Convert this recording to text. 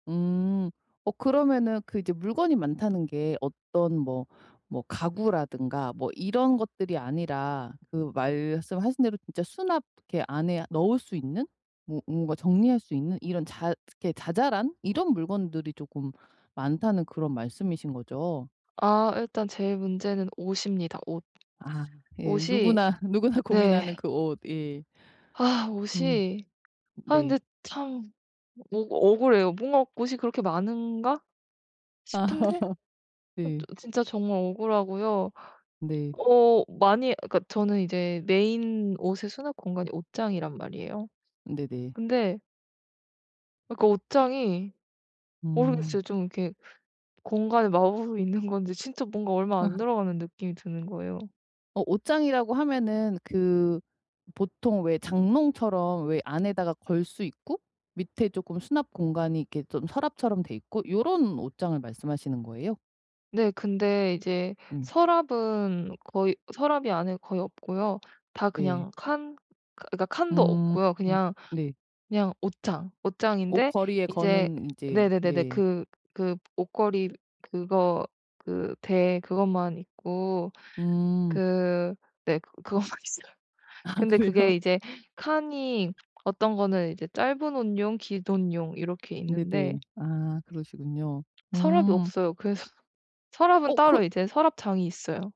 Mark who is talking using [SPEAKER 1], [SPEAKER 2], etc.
[SPEAKER 1] 음 어 그러면은 그 이제 물건이 많다는 게 어떤 뭐 뭐 가구라든가 뭐 이런 것들이 아니라 그 말씀하신 대로 진짜 수납 그 안에 넣을 수 있는 뭐 뭔가 정리할 수 있는 이런 자 이렇게 자잘한 이런 물건들이 쪼금 많다는 그런 말씀이신 거죠?
[SPEAKER 2] 아 일단 제일 문제는 옷입니다 옷.
[SPEAKER 1] 아 예.
[SPEAKER 2] 옷이
[SPEAKER 1] 누구나, 누구나
[SPEAKER 2] 네.
[SPEAKER 1] 고민하는 그 옷. 예.
[SPEAKER 2] 아
[SPEAKER 1] 음
[SPEAKER 2] 옷이 아
[SPEAKER 1] 네.
[SPEAKER 2] 근데 참 뭔가 억울해요. 뭔가 옷이 그렇게 많은가 싶은데 어
[SPEAKER 1] 네.
[SPEAKER 2] 저 진짜 정말 억울하고요.
[SPEAKER 1] 네.
[SPEAKER 2] 어 많이 그니까 저는 이제 메인 옷의 수납공간이 옷장이란 말이에요.
[SPEAKER 1] 네네.
[SPEAKER 2] 근데 그러니까 옷장이
[SPEAKER 1] 음.
[SPEAKER 2] 모르겠어요. 좀 이렇게 공간을 마법이 있는 건지 진짜 뭔가 얼마
[SPEAKER 1] 어.
[SPEAKER 2] 안 들어가는 느낌이 드는 거예요.
[SPEAKER 1] 어 옷장이라고 하면은 그 보통 왜 장롱처럼 왜 안에다가 걸 수 있고 밑에 쪼끔 수납공간이 이렇게 좀 서랍처럼 돼 있고 요런 옷장을 말씀하시는 거예요?
[SPEAKER 2] 네. 근데 이제
[SPEAKER 1] 네.
[SPEAKER 2] 서랍은 거의 서랍이 안에 거의 없고요. 다
[SPEAKER 1] 네.
[SPEAKER 2] 그냥 칸 그니까 칸도
[SPEAKER 1] 음.
[SPEAKER 2] 없고요. 그냥
[SPEAKER 1] 네.
[SPEAKER 2] 그냥 옷장, 옷장인데
[SPEAKER 1] 옷걸이에
[SPEAKER 2] 이제
[SPEAKER 1] 거는 이제
[SPEAKER 2] 네네네네
[SPEAKER 1] 네.
[SPEAKER 2] 그 그 옷걸이 그거 그 대 그것만 있고
[SPEAKER 1] 음.
[SPEAKER 2] 그 네. 그것만 있어요.
[SPEAKER 1] 아
[SPEAKER 2] 근데
[SPEAKER 1] 그래요?
[SPEAKER 2] 그게 이제 칸이 어떤 거는 이제 짧은 옷용, 긴 옷용 이렇게 있는데
[SPEAKER 1] 네네. 아 그러시군요.
[SPEAKER 2] 서랍이
[SPEAKER 1] 음.
[SPEAKER 2] 없어요. 그래서 서랍은
[SPEAKER 1] 어 그
[SPEAKER 2] 따로 이제 서랍장이 있어요.